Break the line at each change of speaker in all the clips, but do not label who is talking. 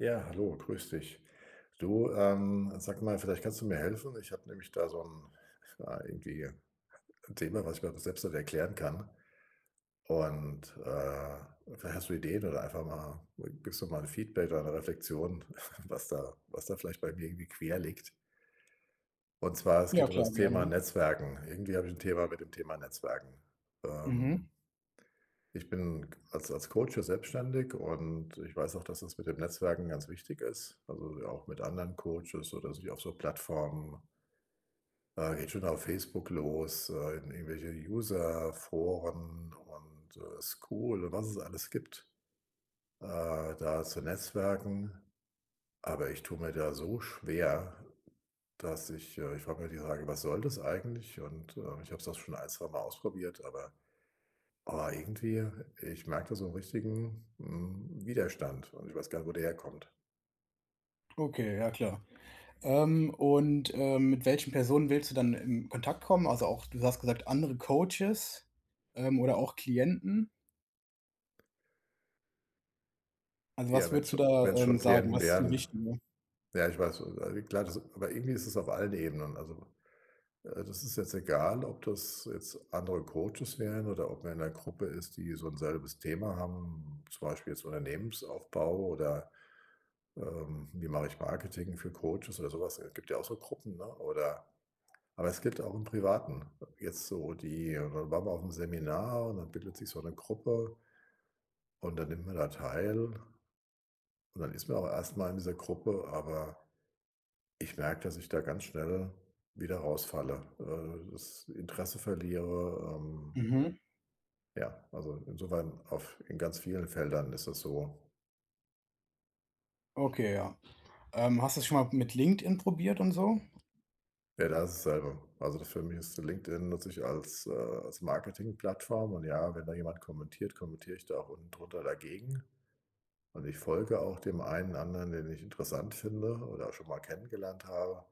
Ja, hallo, grüße dich. Du, ähm, sag mal, vielleicht kannst du mir helfen. Ich habe nämlich da so ’n ja, irgendwie ’n Thema, was ich mir einfach selbst nicht erklären kann. Und, äh, vielleicht hast du Ideen oder einfach mal gibst du mal ’n Feedback oder ’ne Reflexion, was da was da vielleicht bei mir irgendwie quer liegt. Und zwar, es
Ja
geht um das
klar,
Thema
gerne.
Netzwerken. Irgendwie habe ich ’n Thema mit dem Thema Netzwerken,
Mhm.
ähm Ich bin k als als Coach ja selbstständig und ich weiß auch, dass das mit den Netzwerken ganz wichtig ist. Also, ja auch mit anderen Coaches oder sich auf so Plattformen äh, geht schon auf Facebook los, äh, in irgendwelche User-Foren und, äh, School, was es alles gibt, äh, da zu netzwerken. Aber ich tue mir da so schwer, dass ich äh, ich frage mir die Frage: „Was soll das eigentlich?“ und, äh, ich habe es auch schon 1, zweimal ausprobiert, aber aber irgendwie, ich merke da so ’n richtigen, hm, Widerstand und ich weiß gar nicht, wo der herkommt.
Okay, ja klar. Ähm, und, ähm, mit welchen Personen willst du dann in Kontakt kommen? Also, auch, du hast gesagt: „Andere Coaches“, ähm, oder auch Klienten? Also,
Ja,
was
wenn's
würdest du
schon
da,
wenn's
ähm,
schon
sagen?
Klienten
Was ist dir
wären.
wichtiger?
Ja, ich weiß, äh, wie klar das aber irgendwie ist es auf allen Ebenen, also, äh, das ist jetzt egal, ob das jetzt andere Coaches wären oder ob man in 'ner Gruppe ist, die so 'n selbes Thema haben, zum Beispiel jetzt „Unternehmensaufbau“ oder, ähm, „Wie mache ich Marketing für Coaches“ oder so was. Äh, gibt ja auch so Gruppen, ne? Oder aber es gibt auch 'n Privaten, jetzt so die da waren wir mal aufm Seminar und dann bildet sich so 'ne Gruppe und dann nimmt man da teil. Und dann ist man auch erst mal in dieser Gruppe, aber ich merke, dass ich da ganz schnell wieder rausfalle, äh, das Interesse verliere, ähm
Mhm.
ja, also, insofern auf in ganz vielen Feldern ist das so.
Okay, ja. Ähm, hast du das schon mal mit LinkedIn probiert und so?
Ja, da ist es dasselbe. Also, das für mich ist LinkedIn nutze ich als, äh als Marketingplattform. Und ja, wenn da jemand kommentiert, kommentiere ich da auch unten drunter dagegen. Und ich folge auch dem einen anderen, den ich interessant finde oder schon mal kennengelernt habe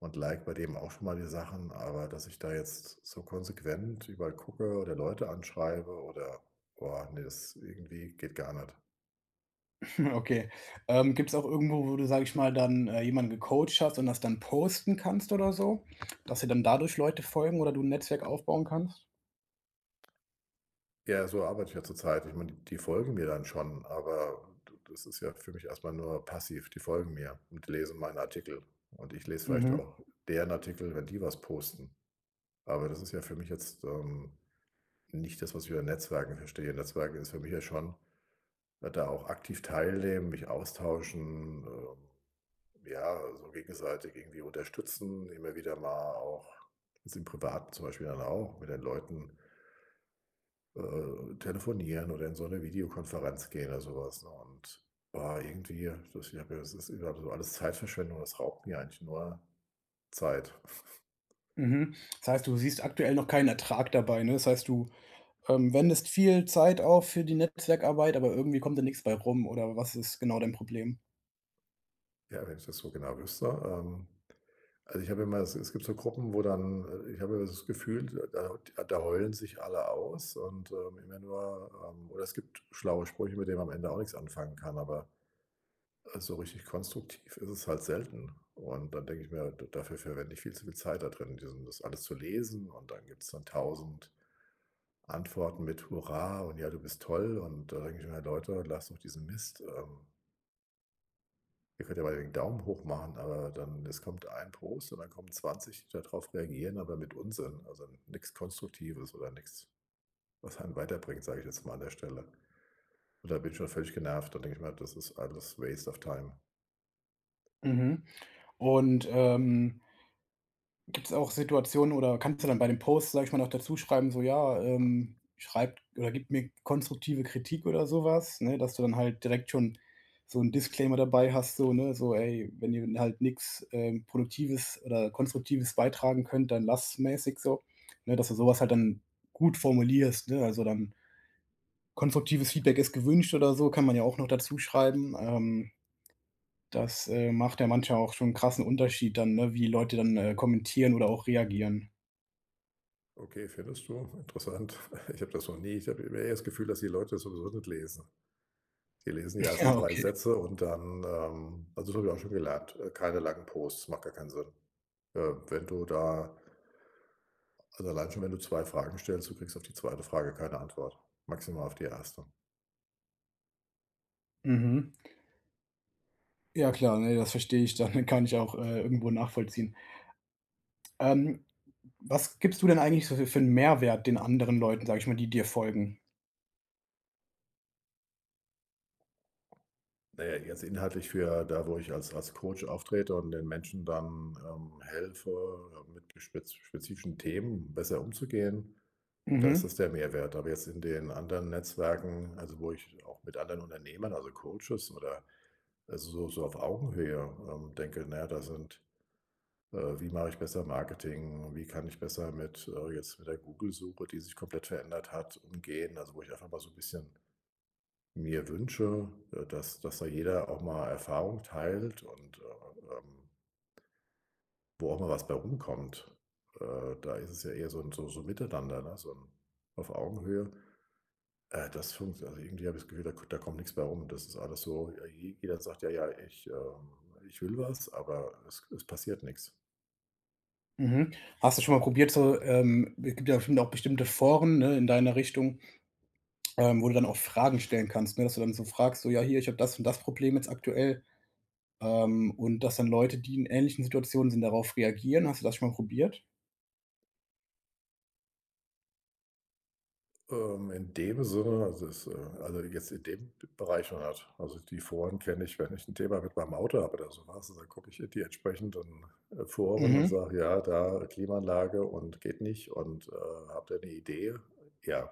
und like bei dem auch schon mal die Sachen. Aber dass ich da jetzt so konsequent überall gucke oder Leute anschreibe, oder boah, ne, das, irgendwie, geht gar nicht.
Okay, ähm, gibt's auch irgendwo, wo du, sage ich mal, dann, äh, jemanden gecoacht hast und das dann posten kannst oder so, dass dir dann dadurch Leute folgen oder du 'n Netzwerk aufbauen kannst?
Ja, so arbeite ich ja zurzeit. Ich meine, d die folgen mir dann schon, aber d das ist ja für mich erst mal nur passiv. Die folgen mir und die lesen meinen Artikel. Und ich lese vielleicht
Mhm.
auch deren Artikel, wenn die was posten. Aber das ist ja für mich jetzt, ähm, nicht das, was ich über Netzwerken verstehe. Netzwerken ist für mich ja schon, da auch aktiv teilnehmen, mich austauschen, ähm, ja, so gegenseitig irgendwie unterstützen, immer wieder mal auch ist im Privaten zum Beispiel dann auch, mit den Leuten äh, telefonieren oder in so 'ne Videokonferenz gehen oder so was, ne? Und, ah, irgendwie [unintelligible] ich habe mir das ist, äh, grade so alles Zeitverschwendung, es raubt mir eigentlich nur Zeit.
Mhm, das heißt, du siehst aktuell noch keinen Ertrag dabei, ne? Das heißt, du ähm, wendest viel Zeit auf für die Netzwerkarbeit, aber irgendwie kommt da nix bei rum oder was ist genau dein Problem?
Ja, wenn ich das so genau wüsste, ähm. Also, ich habe immer es es gibt so Gruppen, wo dann äh, ich habe immer das Gefühl, d da d da heulen sich alle aus. Und, ähm, im [unintelligible] oder es gibt schlaue Sprüche, mit denen man am Ende auch nix anfangen kann, aber, äh, so richtig konstruktiv ist es halt selten und dann denke ich mir: „Da dafür verwende ich viel zu viel Zeit da drin, diesen das alles zu lesen“ und dann gibt’s dann 1.000 Antworten mit „Hurra und ja, du bist toll“ und, äh, da denke ich mir: „Leute, lasst doch diesen Mist, ähm“ „ihr könnt ja mal den Daumen hoch machen”, aber dann es kommt 1 Post und dann kommen 20, die da drauf reagieren, aber mit Unsinn, also, n nix Konstruktives oder nix, was einen weiterbringt, sage ich jetzt mal an der Stelle. Und da bin ich schon völlig genervt. Dann denke ich mir halt: „Das ist alles waste of time.“
Mhm, und, ähm gibt’s auch Situationen oder kannst du dann bei dem Post, sage ich mal, noch dazuschreiben: „So, ja, ähm, schreibt oder gibt mir konstruktive Kritik”, oder sowas, ne, dass du dann halt direkt schon so 'n Disclaimer dabei hast, so, ne, so: „Ey, wenn ihr halt nix, ähm, Produktives oder Konstruktives beitragen könnt, dann lasst's”, mäßig so, ne, dass du so was halt dann gut formulierst, ne? Also, dann „konstruktives Feedback ist gewünscht” oder so, kann man ja auch noch dazu schreiben, ähm. Das, äh, macht ja manchmal auch schon 'n krassen Unterschied dann, ne, wie Leute dann, äh, kommentieren oder auch reagieren.
Okay, findest du? Interessant. Ich habe das noch nie ich habe immer eher das Gefühl, dass die Leute das sowieso nicht lesen. Die lesen die ersten
Ja,
3
okay.
Sätze und dann ähm, also, das habe ich auch schon gelernt, äh, keine langen Posts, macht gar keinen Sinn. Ähm, wenn du da also, allein schon wenn du 2 Fragen stellst, du kriegst auf die 2. Frage keine Antwort, maximal auf die 1.
Mhm. Ja klar, ne, das verstehe ich dann, kann ich auch, äh, irgendwo nachvollziehen. Ähm, was gibst du denn eigentlich so für für 'n Mehrwert den anderen Leuten, sage ich mal, die dir folgen?
Na ja, jetzt inhaltlich für da, wo ich als als Coach auftrete und den Menschen dann ähm, helfe, mit gespez spezifischen Themen besser umzugehen, äh, da ist
Mhm.
das der Mehrwert, aber jetzt in den anderen Netzwerken, also, wo ich auch mit anderen Unternehmern, also, Coaches oder so so auf Augenhöhe, ähm, denke: „Na ja, da sind äh, wie mache ich besser Marketing? Wie kann ich besser mit äh, jetzt mit der Google-Suche, die sich komplett verändert hat, umgehen?“ Also, wo ich einfach mal so 'n bisschen mir wünsche, äh, dass dass da jeder auch mal Erfahrung teilt und äh, ähm wo auch mal was bei rumkommt. Äh, da ist es ja eher so ’n so so Miteinander, ne, so 'n auf Augenhöhe, äh, das funkt also, irgendwie habe ich das Gefühl, da k da kommt nix bei rum. Das ist alles so ja, je jeder sagt: „Ja, ja, ich ähm, ich will was“, aber es es passiert nix.
Mhm, hast du schon mal probiert, so ähm es gibt ja noch bestimmte Foren, ne, in deiner Richtung, ähm, wo du dann auch Fragen stellen kannst, ne, das du dann so fragst so: „Ja, hier, ich habe das und das Problem jetzt aktuell“, ähm, und dass dann Leute, die in ähnlichen Situationen sind, darauf reagieren, hast du das schon mal probiert?
Ähm, in dem Sinne, also, ist äh, also, jetzt in dem Bereich noch nicht. Also, die Foren kenne ich, wenn ich 'n Thema mit meinem Auto habe oder so was, also, da gucke ich die entsprechenden, äh, Foren und
Mhm.
sage: „Ja, da Klimaanlage und geht nicht und, äh, habt ihr 'ne Idee.” Ja,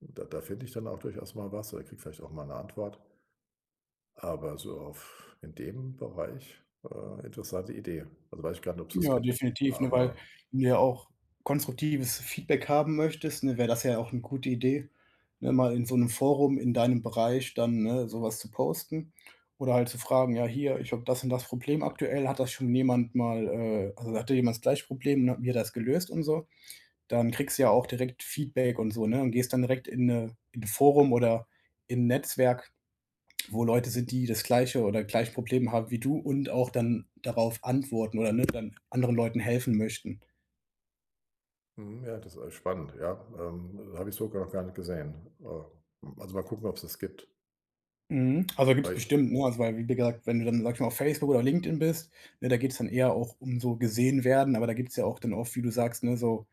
da da finde ich dann auch durchaus mal was oder kriege vielleicht auch mal 'ne Antwort. Aber so auf in dem Bereich, äh, interessante Idee, also, weiß ich gar nicht, ob's das
Ja,
gibt,
definitiv, ne, weil
aber
du ja auch konstruktives Feedback haben möchtest, ne, wäre das ja auch ne gute Idee, ne, mal in so 'nem Forum in deinem Bereich dann, ne, sowas zu posten oder halt zu fragen: „Ja, hier, ich habe das und das Problem aktuell, hat das schon jemand mal äh, also, hatte jemand das gleiche Problem”, ne, und wie hat er das gelöst und so. Dann kriegst du ja auch direkt Feedback und so, ne, und gehst dann direkt in 'ne in 'n Forum oder in 'n Netzwerk, wo Leute sind, die das gleiche oder gleiche Probleme haben wie du und auch dann darauf antworten oder, ne, dann anderen Leuten helfen möchten.
Mhm, ja, das ist alles spannend, ja, ähm, habe ich so gar noch gar nicht gesehen, äh, hm, also, mal gucken, ob's das gibt.
Mhm, also, gibt’s
Hi.
bestimmt, ne also, wei wie gesagt, wenn du dann, sage ich mal, auf Facebook oder LinkedIn bist, ne, da geht’s dann eher auch um so gesehen werden, aber da gibt’s ja auch dann oft, wie du sagst, ne, so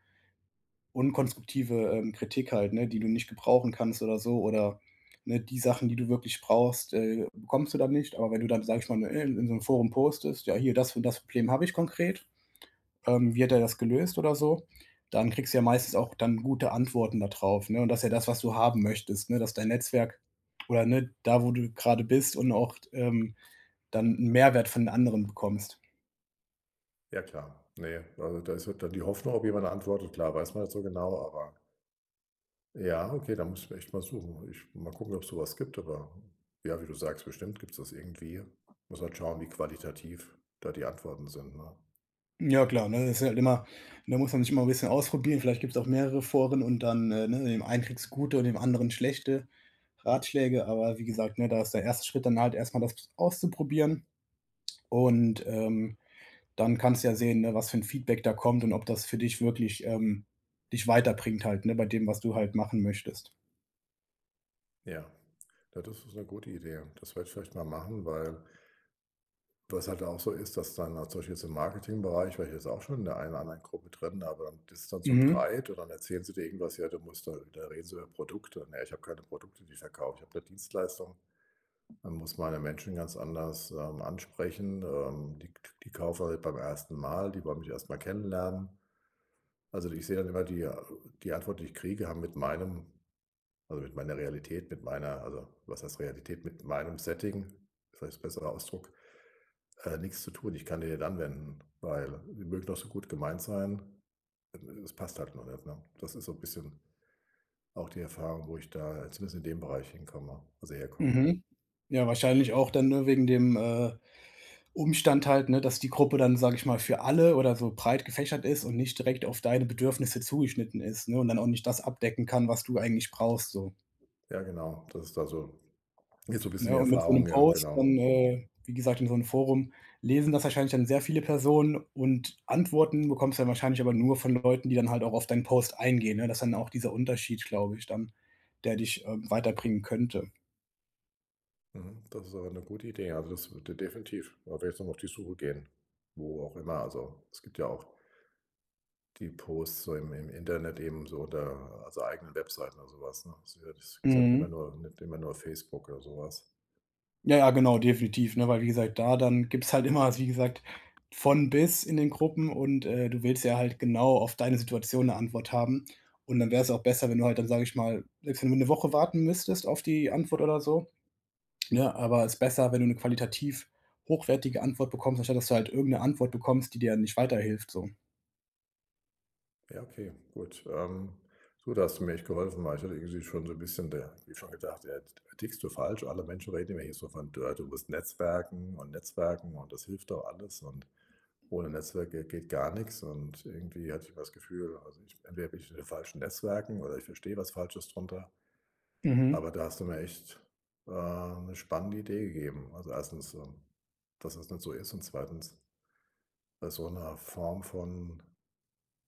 unkonstruktive, ähm, Kritik halt, ne, die du nicht gebrauchen kannst oder so, oder, ne, die Sachen, die du wirklich brauchst, äh, bekommst du dann nicht. Aber wenn du dann, sage ich mal, ne, in so 'nem Forum postest: „Ja, hier, das und das Problem habe ich konkret, ähm, wie hat er das gelöst?“ oder so, dann kriegst du ja meistens auch dann gute Antworten da drauf, ne? Und das ja das, was du haben möchtest, ne, dass dein Netzwerk oder ne, da wo du grade bist und auch t ähm, dann 'n Mehrwert von anderen bekommst.
Ja, klar. Ne, also, da ist halt dann die Hoffnung, ob jemand antwortet, klar, weiß man nicht so genau, aber Ja, okay, da muss ich echt mal suchen. Ich mal gucken, ob's so was gibt, aber, hm, ja, wie du sagst, bestimmt gibt's das irgendwie. Muss halt schauen, wie qualitativ da die Antworten sind, ne?
Hm, ja, klar, ne, das ist halt immer ne, muss man sich immer 'n bisschen ausprobieren, vielleicht gibt's auch mehrere Foren und dann, äh, ne, in dem einem kriegst gute und dem anderen schlechte Ratschläge, aber wie gesagt, ne, da ist der 1. Schritt dann halt erst mal das ps auszuprobieren und, ähm, dann kannst du ja sehen, ne, was für 'n Feedback da kommt und ob das für dich wirklich ähm, dich weiterbringt halt, ne, bei dem, was du halt machen möchtest.
Ja, das ist ist 'ne gute Idee. Das werde ich vielleicht mal machen, weil was halt da auch so ist, dass dann, auch zum Beispiel jetzt im Marketingbereich, war ich jetzt auch schon in der einen oder anderen Gruppe drin, aber das ist dann so
Mhm.
breit und dann erzählen sie dir irgendwas: „Ja du musst da da reden sie über Produkte.“ „Ne, ich habe keine Produkte, die ich verkaufe, ich habe 'ne Dienstleistung.“ Man muss meine Menschen ganz anders, ähm, ansprechen, ähm, die k die kaufen nicht beim 1. Mal, die wollen mich erst mal kennenlernen. Also, d ich sehe dann immer, die a die Antwort, die ich kriege, haben mit meinem also, mit meiner Realität, mit meiner also, was heißt Realität, mit meinem Setting, vielleicht besserer Ausdruck, äh, nix zu tun. Ich kann die nicht anwenden, weil die mögen noch so gut gemeint sein, e es passt halt nur nicht, ne? Das ist so bisschen auch die Erfahrung, wo ich da zumindest in dem Bereich hinkomme also, herkomme.
Mhm, ja, wahrscheinlich auch dann, ne, wegen dem, äh, Umstand halt, ne, dass die Gruppe dann, sage ich mal, für alle oder so breit gefächert ist und nicht direkt auf deine Bedürfnisse zugeschnitten ist, ne? Und dann auch nicht das abdecken kann, was du eigentlich brauchst, so.
Ja, genau. Das ist da so jetzt so bisschen
Ne,
die
und mit so 'nem
Erfahrung, ja,
Post
genau.
dann, äh, wie gesagt, in so 'nem Forum, lesen das wahrscheinlich dann sehr viele Personen und Antworten bekommst du dann wahrscheinlich aber nur von Leuten, die dann halt auch auf deinen Post eingehen, ne, das ist dann auch dieser Unterschied, glaube ich, dann, der dich, ähm, weiterbringen könnte.
Mhm, das ist aber 'ne gute Idee, also, das würde definitiv da werde ich noch auf die Suche gehen, wo auch immer. Also, es gibt ja auch die Posts so im im Internet eben so der, also, eigenen Webseiten oder so was, ne? Ist eher ist ja nicht immer
Mhm.
nur nicht immer nur Facebook oder so was.
Ja, ja, genau, definitiv, ne? Weil wie gesagt, da dann gibt's halt immer, wie gesagt, von bis in den Gruppen und, äh, du willst ja halt genau auf deine Situation 'ne Antwort haben. Und dann wäre es auch besser, wenn du halt dann sage ich mal, selbst wenn du 'ne Woche warten müsstest auf die Antwort oder so, ne, aber ist besser, wenn du 'ne qualitativ hochwertige Antwort bekommst, anstatt, dass du halt irgend 'ne Antwort bekommst, die dir dann nicht weiterhilft, so.
Ja, okay, gut, ähm, so, da hast du mir echt geholfen, weil ich hatte irgendwie schon so 'n bisschen der wie schon gesagt: „Ja, jetzt t tickst du falsch?” Alle Menschen reden immer hier so von: „D du musst netzwerken und netzwerken, und das hilft auch alles. Und ohne Netzwerke geht gar nix“ und irgendwie hatte ich immer das Gefühl, also, ich entweder bin ich in den falschen Netzwerken oder ich verstehe was Falsches drunter.
Mhm.
Aber da hast du mir echt, äh, 'ne spannende Idee gegeben. Also, 1. ähm, dass das nicht so ist, und 2. bei so 'ner Form von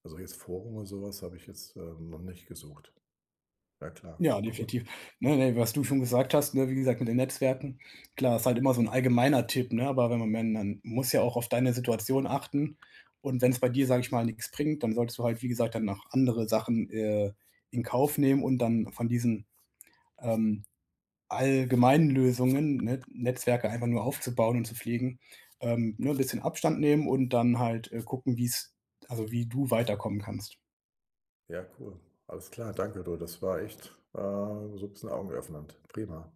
also, jetzt Forum oder so was habe ich jetzt, ähm, noch nicht gesucht. Ja klar,
Ja,
cool.
definitiv. Ne, ne, was du schon gesagt hast, ne, wie gesagt, mit den Netzwerken, klar, ist halt immer so 'n allgemeiner Tipp, ne, aber wenn man wenn, dann muss ja auch auf deine Situation achten und wenn's bei dir, sage ich mal, nix bringt, dann solltest du halt, wie gesagt, dann noch andere Sachen, äh, in Kauf nehmen und dann von diesen, ähm, allgemeinen Lösungen, ne, N Netzwerke einfach nur aufbauen und zu pflegen, ähm, ne, bisschen Abstand nehmen und dann halt, äh, gucken, wie's also, wie du weiterkommen kannst.
Ja, cool. Alles klar, danke du, das war echt, äh, so 'n bisschen augenöffnend. Prima.